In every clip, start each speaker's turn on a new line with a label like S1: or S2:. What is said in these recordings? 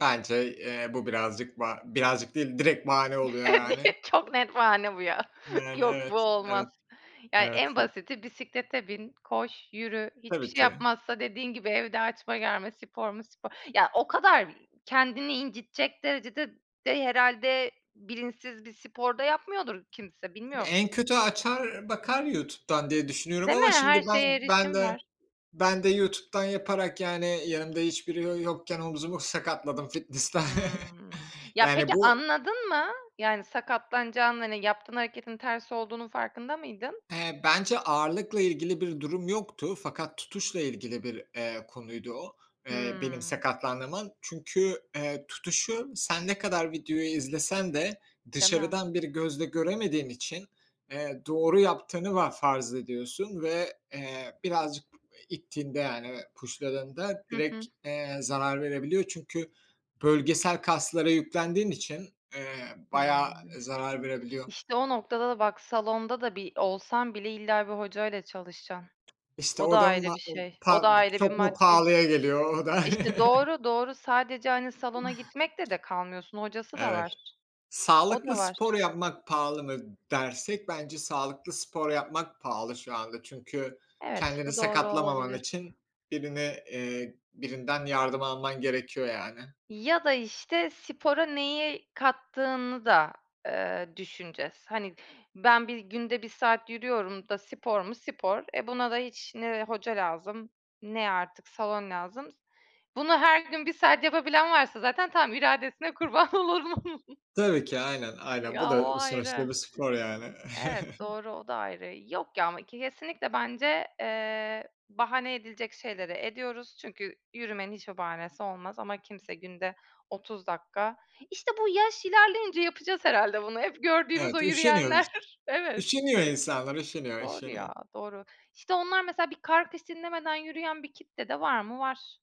S1: Bence, eee, bu birazcık ba birazcık değil, direkt bahane oluyor yani.
S2: [unintelligible] Çok net bahane bu ya.
S1: Yani,
S2: Yok, bu
S1: evet, evet,
S2: olmaz. Yani en
S1: evet, hi
S2: basiti bisiklete bin, koş, yürü. Hiçbir
S1: Tabii
S2: şey
S1: ki.
S2: yapmazsa dediğin gibi evde açma germe, spor mu, spor. Ya, o kadar kendini incitecek derecede de herhâlde bilinçsiz bir spor da yapmıyordur kimse.
S1: Ya,
S2: Bilmiyorum.
S1: en kötü açar bakar YouTube'dan diye düşünüyorum
S2: Değil mi?
S1: ama şimdi
S2: Her
S1: ben
S2: şeye
S1: ben
S2: erişim
S1: de
S2: var.
S1: ben de YouTube'dan yaparak, yani yanımda hiçbiri yo yokken omzumu sakatladım fitnessta.
S2: Hımm. Ya
S1: Yani
S2: peki
S1: bu
S2: anladın mı? Yani sakatlanacağını, hani, yaptığın hareketin ters olduğunun farkında mıydın?
S1: Eee, bence ağırlıkla ilgili bir durum yoktu fakat tutuşla ilgili bir, eee, konuydu o, eee, benim
S2: Hımm.
S1: sakatlandığım an. Çünkü, eee, tutuşu sen ne kadar videoyu izlesen de
S2: Değil mi?
S1: dışarıdan bir gözle göremediğin için, eee, doğru yaptığını va farz ediyorsun ve, eee, birazcık ittiğinde, yani push'ladığında
S2: Hı
S1: direkt,
S2: hı.
S1: eee, zarar verebiliyor. Çünkü bölgesel kaslara yüklendiğin için, eee, bayağı
S2: Hımm.
S1: zarar verebiliyor.
S2: İşte, o noktada da bak salonda da bi olsan bile illa bir hocayla çalışacaksın.
S1: İşte,
S2: O da
S1: o da
S2: ayrı
S1: ma
S2: bir şey. O da
S1: pa
S2: ayrı bir
S1: çok mu
S2: maddi.
S1: pahalıya geliyor o da?
S2: İşte, doğru, doğru. Sadece, hani, salona gitmekle de kalmıyorsun, hocası da
S1: Evet.
S2: var. O da
S1: Sağlıklı spor
S2: var.
S1: yapmak pahalı mı dersek bence sağlıklı spor yapmak pahalı şu anda. Çünkü
S2: Evet,
S1: kendini
S2: bu doğru
S1: sakatlamaman
S2: olabilir.
S1: için birini eee, birinden yardım alman gerekiyor yani.
S2: Ya da, işte, spora neyi kattığını da, eee, düşüneceğiz. Hani ben bir günde 1 saat yürüyorum da spor mu spor. E, buna da hiç ne hoca lazım, ne artık salon lazım. Bunu her gün 1 saat yapabilen varsa zaten tamam, iradesine kurban olurum.
S1: Tabii ki. Aynen, aynen. Bu
S2: Ya, o
S1: da
S2: ayrı.
S1: sonuçta bir spor yani.
S2: Evet, doğru, o da ayrı. Yok ya ama k kesinlikle bence, eee, bahane edilecek şeyleri ediyoruz. Çünkü yürümenin hiç bir bahanesi olmaz. Ama kimse günde 30 dakika İşte, bu yaş ilerleyince yapacağız herhâlde bunu. Hep gördüğümüz o
S1: Evet, üşeniyoruz.
S2: yürüyenler Evet.
S1: Üşeniyor insanlar, üşeniyor,
S2: Doğru ya,
S1: üşeniyor.
S2: doğru. İşte, onlar mesela bir kar kış dinlemeden yürüyen bir kitle de var mı? Var.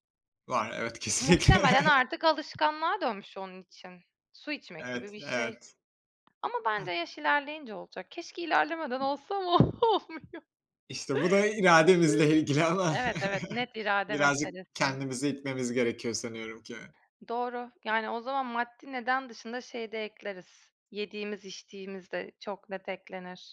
S1: Var, evet, kesinlikle.
S2: Muhtemelen artık alışkanlığa dönmüş onun için. Su içmek gibi
S1: Evet,
S2: bir şey.
S1: evet.
S2: Ama
S1: Heh.
S2: bence yaş ilerleyince olacak. Keşke ilerlemeden olsa ama olmuyor.
S1: İşte, bu da irademizle ilgili
S2: [unintelligible]
S1: ama
S2: Evet, evet, net irade
S1: birazcık
S2: meselesi.
S1: kendimizi itmemiz gerekiyor sanıyorum ki.
S2: Doğru. Yani o zaman maddi neden dışında şeyi de ekleriz. Yediğimiz içtiğimiz de çok net eklenir.